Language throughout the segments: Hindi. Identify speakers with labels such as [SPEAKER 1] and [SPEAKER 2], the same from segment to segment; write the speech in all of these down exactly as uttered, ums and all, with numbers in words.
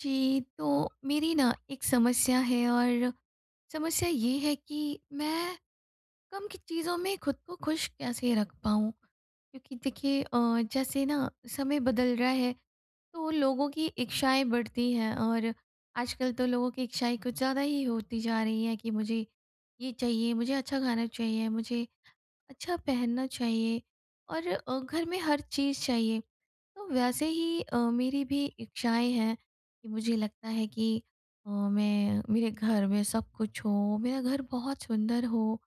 [SPEAKER 1] जी, तो मेरी ना एक समस्या है और समस्या ये है कि मैं कम की चीज़ों में खुद को खुश कैसे रख पाऊँ? क्योंकि देखिए अ, जैसे ना समय बदल रहा है तो लोगों की इच्छाएँ बढ़ती हैं और आजकल तो लोगों की इच्छाएँ कुछ ज़्यादा ही होती जा रही हैं कि मुझे ये चाहिए, मुझे अच्छा खाना चाहिए, मुझे अच्छा पहनना चाहिए और अ, घर में हर चीज़ चाहिए। तो वैसे ही अ, मेरी भी इच्छाएँ हैं, मुझे लगता है कि अ, मैं मेरे घर में सब कुछ हो, मेरा घर बहुत सुंदर हो,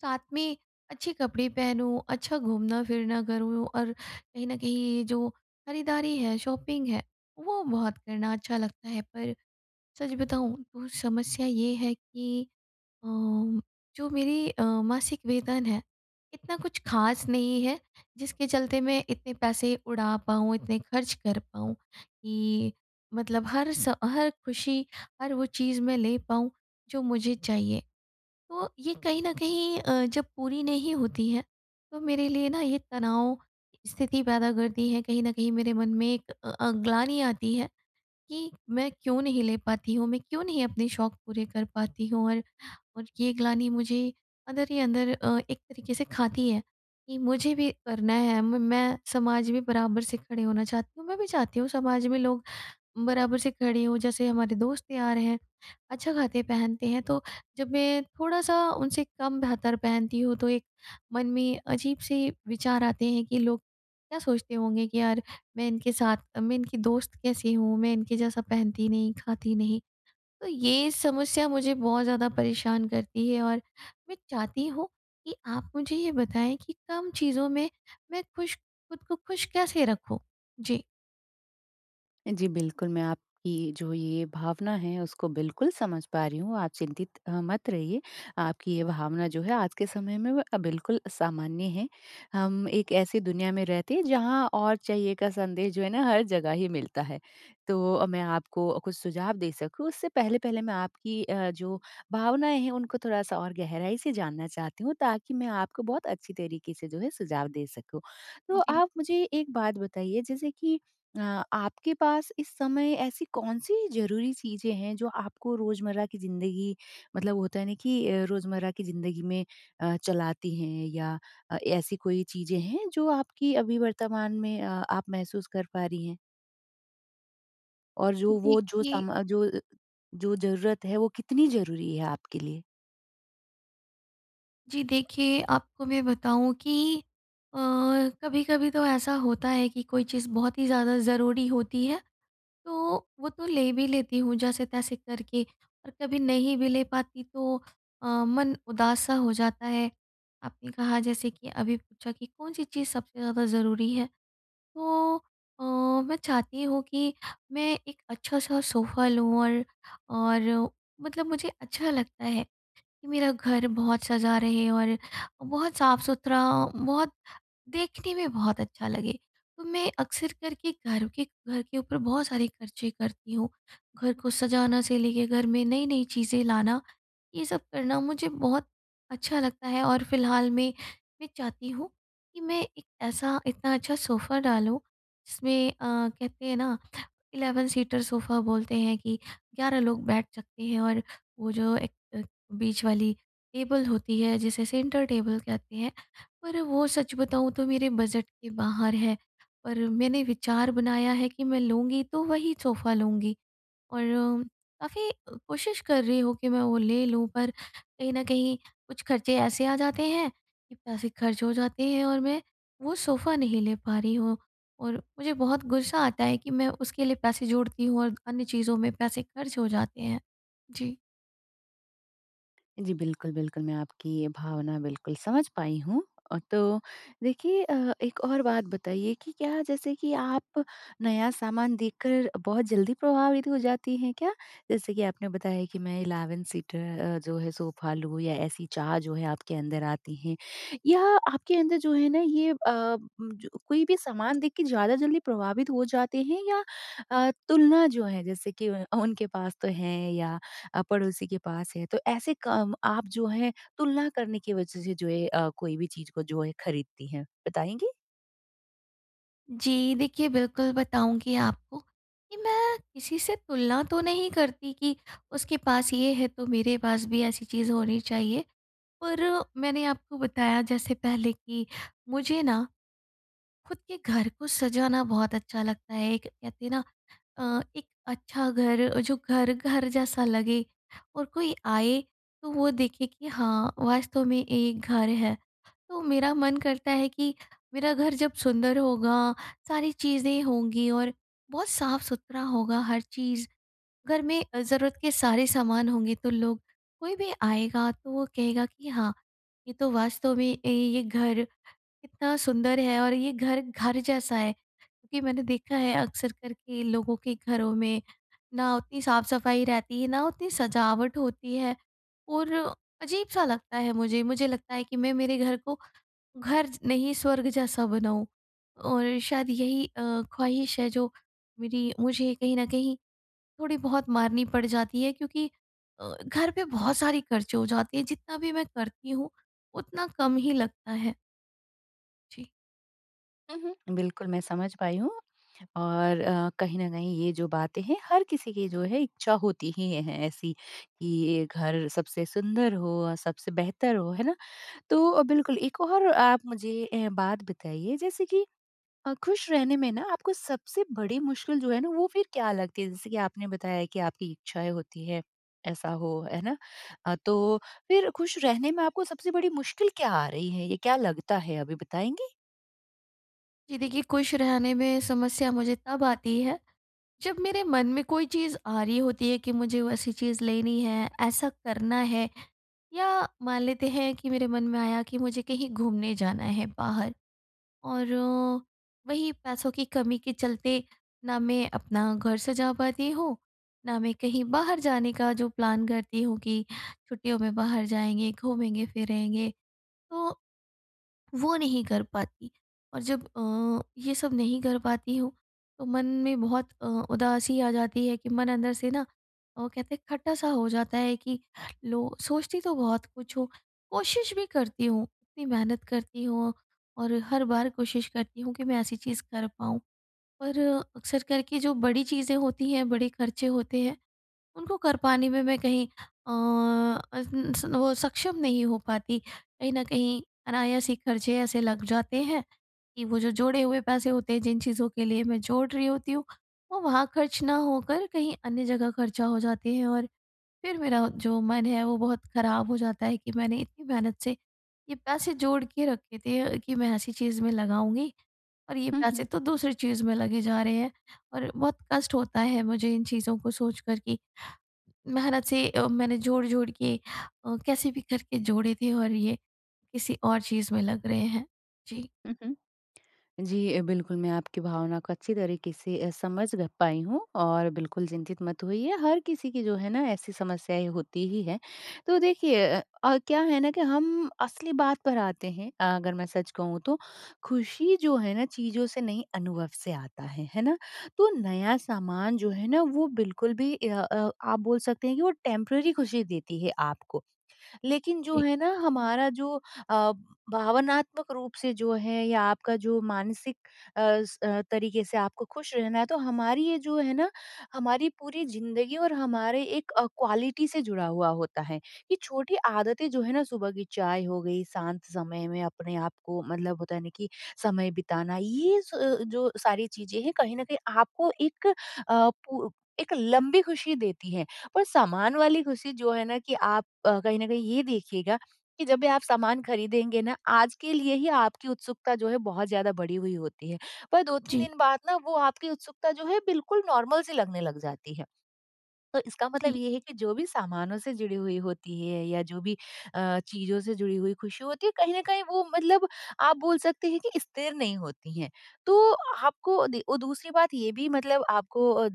[SPEAKER 1] साथ में अच्छे कपड़े पहनूँ, अच्छा घूमना-फिरना करूँ और कहीं न कहीं जो खरीदारी है, शॉपिंग है वो बहुत करना अच्छा लगता है। पर सच बताऊँ तो समस्या ये है कि अ, जो मेरी अ, मासिक वेतन है इतना कुछ ख़ास नहीं है, जिसके चलते मैं इतने पैसे उड़ा पाऊँ, इतने खर्च कर पाऊँ कि मतलब हर स हर खुशी, हर वो चीज़ मैं ले पाऊँ जो मुझे चाहिए। तो ये कहीं न कहीं अ, जब पूरी नहीं होती है तो मेरे लिए ना ये तनाव स्थिति पैदा करती है कहीं न कहीं मेरे मन में एक अ अ, ग्लानि आती है कि मैं क्यों नहीं ले पाती हूँ? मैं क्यों नहीं अपने शौक पूरे कर पाती हूँ? और, और ये ग्लानि मुझे अंदर ही अंदर अ, एक तरीके से खाती है कि मुझे भी करना है म मैं समाज भी बराबर से खड़े होना चाहती हूँ, मैं भी चाहती हूँ समाज में लोग बराबर से खड़े हो जैसे हमारे दोस्त यार हैं अच्छा खाते-पहनते हैं। तो जब मैं थोड़ा-सा उनसे कम बेहतर पहनती हूँ, तो एक मन में अजीब से विचार आते हैं कि लोग क्या सोचते होंगे कि यार मैं इनके साथ मैं इनकी दोस्त कैसे हूँ मैं इनके जैसा पहनती नहीं, खाती नहीं? तो ये समस्या मुझे बहुत ज़्यादा परेशान करती है और मैं चाहती हूँ कि आप मुझे ये बताएँ कि कम चीज़ों में मैं खुश खुद को खुश कैसे रखूँ? जी।
[SPEAKER 2] जी बिल्कुल, मैं आपकी जो ये भावना है उसको बिल्कुल समझ पा रही हूँ। आप चिंतित अ, मत रहिए आपकी ये भावना जो है आज के समय में अ, बिल्कुल सामान्य है। हम एक ऐसी दुनिया में रहते हैं जहाँ और चाहिए का संदेश जो है ना हर जगह ही मिलता है। तो अ, मैं आपको कुछ सुझाव दे सकूँ उससे पहले-पहले मैं आपकी अ, जो भावनाएँ हैं उनको थोड़ा-सा और गहराई से जानना चाहती हूँ ताकि मैं आपको बहुत अच्छी तरीके से जो है सुझाव दे सकूँ। तो
[SPEAKER 1] जी।
[SPEAKER 2] आप मुझे एक बात बताइए जैसे कि अ, आपके पास इस समय ऐसी कौन-सी ज़रूरी चीज़ें हैं जो आपको रोज़मर्रा की ज़िंदगी मतलब होता है ना कि रोज़मर्रा की ज़िंदगी में अ, चलाती हैं या अ, ऐसी कोई चीज़ें हैं जो आपकी अभी वर्तमान में अ आप महसूस कर पा रही हैं? और
[SPEAKER 1] जी,
[SPEAKER 2] जो वो जो
[SPEAKER 1] देखिए
[SPEAKER 2] समा जो अ, जो ज़रूरत है वो कितनी ज़रूरी है आपके लिए?
[SPEAKER 1] जी देखिए, आपको मैं बताऊँ कि अ, कभी-कभी तो ऐसा होता है कि कोई चीज़ बहुत ही ज़्यादा ज़रूरी होती है तो वो तो ले भी लेती हूँ जैसे-तैसे करके और कभी नहीं भी ले पाती तो अ, मन उदास-सा हो जाता है। आपने कहा जैसे कि अभी पूछा कि कौन-सी चीज़ सबसे ज़्यादा ज़रूरी है? तो अ, मैं चाहती हूँ कि मैं एक अच्छा-सा सोफ़ा लूँ और और मतलब मुझे अच्छा लगता है कि मेरा घर बहुत सजा रहे और बहुत साफ़-सुथरा, बहुत देखने में बहुत अच्छा लगे। तो मैं अक्सर करके घर के घर के ऊपर बहुत सारे ख़र्चे करती हूँ। घर को सजाने से लेकर घर में नई-नई चीज़ें लाना ये सब करना मुझे बहुत अच्छा लगता है और फिलहाल में मैं चाहती हूँ कि मैं एक ऐसा, इतना अच्छा सोफ़ा डालूँ जिसमें अ, कहते है ना इलेवन सीटर सोफा बोलते हैं कि ग्यारह लोग बैठ सकते हैं और वो जो एक एक बीच वाली टेबल होती है जिसे सेंटर टेबल कहते हैं। पर वो सच बताऊँ तो मेरे बजट के बाहर है। पर मैंने विचार बनाया है कि मैं लूँगी तो वही सोफा लूँगी और काफ़ी कोशिश कर रही हूँ कि मैं वो ले लूँ पर कहीं न कहीं कुछ ख़र्चे ऐसे आ जाते हैं कि पैसे ख़र्च हो जाते हैं और मैं वो सोफ़ा नहीं ले पा रही हूँ। और मुझे बहुत गुस्सा आता है कि मैं उसके लिए पैसे जोड़ती हूँ और अन्य चीज़ों में पैसे ख़र्च हो जाते हैं। जी।
[SPEAKER 2] जी बिल्कुल, बिल्कुल, मैं आपकी ये भावना बिल्कुल समझ पाई हूँ। अ, तो देखिए अ, एक और बात बताइए कि क्या जैसे कि आप नया सामान देखकर बहुत जल्दी प्रभावित हो जाती हैं क्या? जैसे कि आपने बताया कि मैं इलेवन सीटर अ, जो है सोफा लूँ या ऐसी चाह जो है आपके अंदर आती है या आपके अंदर जो है न ये अ, जो कोई भी सामान देख के ज़्यादा जल्दी प्रभावित हो जाते हैं या अ, तुलना जो है जैसे कि उ उनके पास तो हैं या अ, पड़ोसी के पास है तो ऐसे काम आप जो हैं तुलना करने की वजह से जो है अ, कोई भी चीज़ को जो है खरीदती हैं, बताएँगी?
[SPEAKER 1] जी देखिए, बिल्कुल बताऊँगी आपको कि मैं किसी से तुलना तो नहीं करती कि उसके पास ये है तो मेरे पास भी ऐसी चीज़ होनी चाहिए। पर मैंने आपको बताया जैसे पहले कि मुझे ना खुद के घर को सजाना बहुत अच्छा लगता है एक कहते हैं ना अ, एक अच्छा घर, जो घर, घर जैसा लगे और कोई आए तो वो देखे कि हाँ, वास्तव में एक घर है। तो मेरा मन करता है कि मेरा घर जब सुंदर होगा, सारी चीज़ें होंगी और बहुत साफ़-सुथरा होगा हर चीज़। घर में अ, ज़रूरत के सारे सामान होंगे तो लोग कोई भी आएगा तो वो कहेगा कि हाँ, ये तो वास्तव में ए, ये घर कितना सुंदर है और ये घर, घर जैसा है। क्योंकि मैंने देखा है अक्सर करके लोगों के घरों में, ना उतनी साफ़-सफाई रहती है, ना उतनी सजावट होती है और अजीब-सा लगता है मुझे। मुझे लगता है कि मैं मेरे घर को घर ज नहीं स्वर्ग जैसा बनाऊँ। और शायद यही अ, ख्वाहिश है जो मेरी मुझे कहीं न कहीं थोड़ी बहुत मारनी पड़ जाती है क्योंकि अ, घर पे बहुत सारी खर्चे हो जाते हैं जितना भी मैं करती हूँ उतना कम ही लगता है। जी।
[SPEAKER 2] उहुँ, बिल्कुल मैं समझ पाई हूँ और अ, कहीं न कहीं ये जो बातें हैं हर किसी की जो है इच्छा होती ही है ऐसी कि घर सबसे सुंदर हो, सबसे बेहतर हो। है ना? तो बिल्कुल एक और आप मुझे अ, बात बताइए जैसे कि अ, खुश रहने में ना आपको सबसे बड़ी मुश्किल जो है ना वो फिर क्या लगती है? जैसे कि आपने बताया कि आपकी इच्छाएँ होती हैं, ऐसा हो। है ना? अ, तो फिर खुश रहने में आपको सबसे बड़ी मुश्किल क्या आ रही है? ये क्या लगता है अभी बताएँगी?
[SPEAKER 1] जी देखिए, खुश रहने में समस्या मुझे तब आती है जब मेरे मन में कोई चीज़ आ रही होती है कि मुझे वैसी चीज़ लेनी है, ऐसा करना है या मान लेते हैं कि मेरे मन में आया कि मुझे कहीं घूमने जाना है बाहर और वही पैसों की कमी के चलते ना मैं अपना घर सजा पाती हूँ, ना मैं कहीं बाहर जाने का जो प्लान करती हूँ कि छुट्टियों में बाहर जाएँगे, घूमेंगे-फिरेंगे तो वो नहीं कर पाती। और जब अ, ये सब नहीं कर पाती हूँ तो मन में बहुत अ, उदासी आ जाती है कि मन अंदर से ना वो कहते हैं खट्टा-सा हो जाता है कि लो सोचती तो बहुत कुछ हूँ कोशिश भी करती हूँ, इतनी मेहनत करती हूँ और हर बार कोशिश करती हूँ कि मैं ऐसी चीज़ कर पाऊँ। पर अक्सर करके जो बड़ी चीज़ें होती हैं, बड़े खर्चे होते हैं उनको कर पाने में मैं कहीं अ, [unintelligible] वो सक्षम नहीं हो पाती। कहीं न कहीं अनायास ही खर्चे ऐसे लग जाते हैं कि वो जो जोड़े हुए पैसे होते हैं जिन चीज़ों के लिए मैं जोड़ रही होती हूँ वो वहाँ ख़र्च ना होकर कहीं अन्य जगह खर्चा हो जाते हैं। और फिर मेरा जो मन है वो बहुत ख़राब हो जाता है कि मैंने इतनी मेहनत से ये पैसे जोड़ के रखे थे अ, कि मैं ऐसी चीज़ में लगाऊँगी और ये
[SPEAKER 2] हुँ, हुँ।
[SPEAKER 1] पैसे तो दूसरी चीज़ में लगे जा रहे हैं। और बहुत कष्ट होता है मुझे इन चीज़ों को सोच कर कि मेहनत से अ, मैंने जोड़-जोड़ के अ, कैसे भी करके जोड़े थे और ये किसी और चीज़ में लग रहे हैं। जी।
[SPEAKER 2] उ उ जी, बिल्कुल, मैं आपकी भावना को अच्छी तरीक़े से अ, समझ ग पाई हूँ और बिल्कुल चिंतित मत होइए हर किसी की जो है ना ऐसी समस्याएँ होती ही हैं। तो देखिए अ, क्या है ना कि हम असली बात पर आते हैं अ अगर मैं सच कहूँ तो खुशी जो है ना चीज़ों से नहीं अनुभव से आता है। है ना? तो नया सामान जो है ना वो बिल्कुल भी इया अ आप बोल सकते हैं कि वो टेम्परेरी खुशी देती है आपको। लेकिन जो
[SPEAKER 1] जी।
[SPEAKER 2] है ना हमारा जो अ, भावनात्मक रूप से जो है या आपका जो मानसिक अस अ, तरीक़े से आपको खुश रहना है तो हमारी ये जो है ना हमारी पूरी ज़िंदगी और हमारे एक अ, क्वालिटी से जुड़ा हुआ होता है। ये छोटी आदतें जो हैं ना सुबह की चाय हो गई, शांत समय में अपने आप को मतलब होता है ना कि समय बिताना ये स अ अ, जो सारी चीज़ें हैं कहीं न कहीं आपको एक अ, पु एक लंबी खुशी देती है। पर सामान वाली खुशी जो है ना कि आप अ, कहीं न कहीं ये देखिएगा कि जब भी आप सामान ख़रीदेंगे ना आज के लिए ही आपकी उत्सुकता जो है बहुत ज़्यादा बढ़ी हुई होती है। पर दो तीन
[SPEAKER 1] जी।
[SPEAKER 2] दिन बाद ना वो आपकी उत्सुकता जो है बिल्कुल नॉर्मल सी लगने लग जाती है। तो इसका मतलब
[SPEAKER 1] जी।
[SPEAKER 2] ये है कि जो भी सामानों से जुड़ी हुई होती है या जो भी अ, चीज़ों से जुड़ी हुई खुशी होती है कहीं न कहीं वो मतलब आप बोल सकते हैं कि स्थिर नहीं होती है। तो आपको अदी दूसरी बात ये भी मतलब आपको अ, उ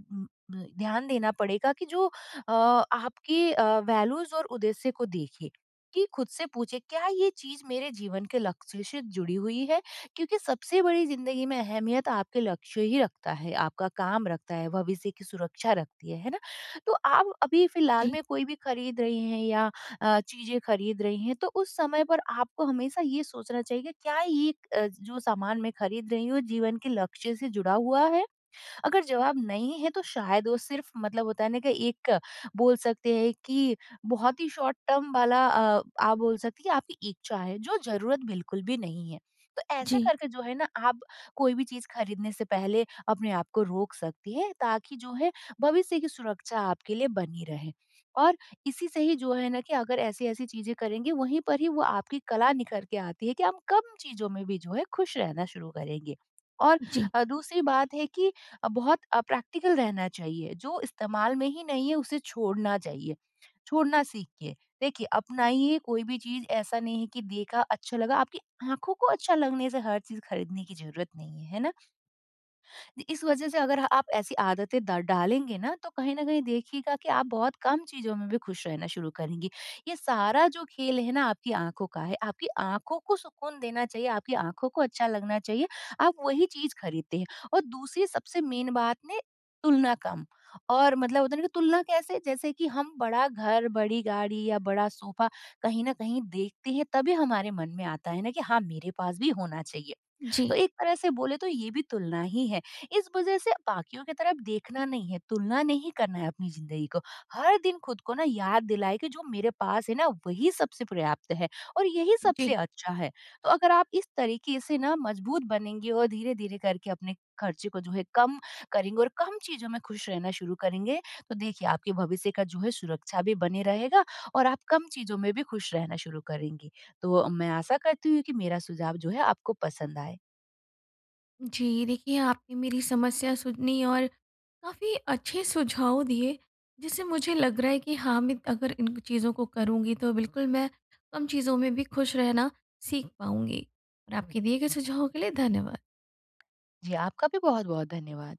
[SPEAKER 2] द ध्यान देना पड़ेगा कि जो अ आपकी अ, वैल्यूज़ और उद्देश्य को देखे कि खुद से पूछे, क्या ये चीज़ मेरे जीवन के लक्ष्य से जुड़ी हुई है? क्योंकि सबसे बड़ी ज़िंदगी में अहमियत आपके लक्ष्य ही रखता है, आपका काम रखता है, भविष्य की सुरक्षा रखती है। है ना? तो आप अभी फ़िलहाल
[SPEAKER 1] जी।
[SPEAKER 2] में कोई भी ख़रीद रही हैं या अ, चीज़ें ख़रीद रही हैं तो उस समय पर आपको हमेशा ये सोचना चाहिए क्या ये एक अ, जो सामान मैं ख़रीद रही हूँ जीवन के लक्ष्य से जुड़ा हुआ है? अगर जवाब नहीं है तो शायद वो सिर्फ़ मतलब होता है ना कि एक बोल सकते हैं कि बहुत ही शॉर्ट टर्म वाला अ आप बोल सकती हैं आपकी इच्छा है जो ज़रूरत बिल्कुल भी नहीं है। तो ऐसे
[SPEAKER 1] जी।
[SPEAKER 2] करके जो है ना आप कोई भी चीज़ ख़रीदने से पहले अपने आप को रोक सकती हैं ताकि जो है भविष्य की सुरक्षा के लिए बनी रहे। और इसी से ही जो है ना कि अगर ऐसी-ऐसी चीज़ें करेंगे वहीं पर ही वो आपकी कला निखर के आती है कि हम कम चीज़ों में भी जो है खुश रहना शुरू करेंगे। और
[SPEAKER 1] जी।
[SPEAKER 2] अ, दूसरी बात है कि अ, बहुत अ, प्रैक्टिकल रहना चाहिए। जो इस्तेमाल में ही नहीं है उसे छोड़ना चाहिए, छोड़ना सीखिए। देखिए, अपनाइए कोई भी चीज़ ऐसा नहीं है कि देखा अच्छा लगा आपकी आँखों को अच्छा लगने से हर चीज़ ख़रीदने की ज़रूरत नहीं है, है ना? इ इस वजह से अगर अ आप ऐसी आदतें द डालेंगे ना तो कहीं न कहीं देखिएगा कि आप बहुत कम चीज़ों में भी खुश रहना शुरू करेंगी। ये सारा जो खेल है ना आपकी आँखों का है, आपकी आँखों को सुकून देना चाहिए, आपकी आँखों को अच्छा लगना चाहिए आप वही चीज़ ख़रीदते हैं। और दूसरी सबसे मेन बात ने तुलना कम और मतलब होता है ना कि तुलना कैसे? जैसे कि हम बड़ा घर, बड़ी गाड़ी या बड़ा सोफ़ा कहीं न कहीं देखते हैं तभी हमारे मन में आता है ना कि हाँ मेरे पास भी होना चाहिए। तो
[SPEAKER 1] जी।
[SPEAKER 2] एक तरह से बोले तो ये भी तुलना ही है। इस वजह से बाकियों की तरफ देखना नहीं है, तुलना नहीं करना है अपनी ज़िंदगी को। हर दिन खुद को ना याद दिलाए कि जो मेरे पास है ना वही सबसे पर्याप्त है और यही सबसे
[SPEAKER 1] जी।
[SPEAKER 2] अच्छा है। तो अगर आप इस तरीक़े से ना मज़बूत बनेंगे और धीरे-धीरे करके अपने खर्चे को जो है कम करेंगे और कम चीज़ों में खुश रहना शुरू करेंगे तो देखिए आपके भविष्य का जो है सुरक्षा भी बनी रहेगा और आप कम चीज़ों में भी खुश रहना शुरू करेंगी। तो मैं आशा करती हूँ कि मेरा सुझाव जो है आपको पसंद आए।
[SPEAKER 1] जी देखिए, आपने मेरी समस्या सुनी और काफ़ी अच्छे सुझाव दिए जिससे मुझे लग रहा है कि हाँ मैं अगर इन चीज़ों को करुँगी तो बिल्कुल मैं कम चीज़ों में भी खुश रहना सीख पाऊँगी। और आपके दिए गए सुझावों के लिए धन्यवाद।
[SPEAKER 2] जी, आपका भी बहुत-बहुत धन्यवाद।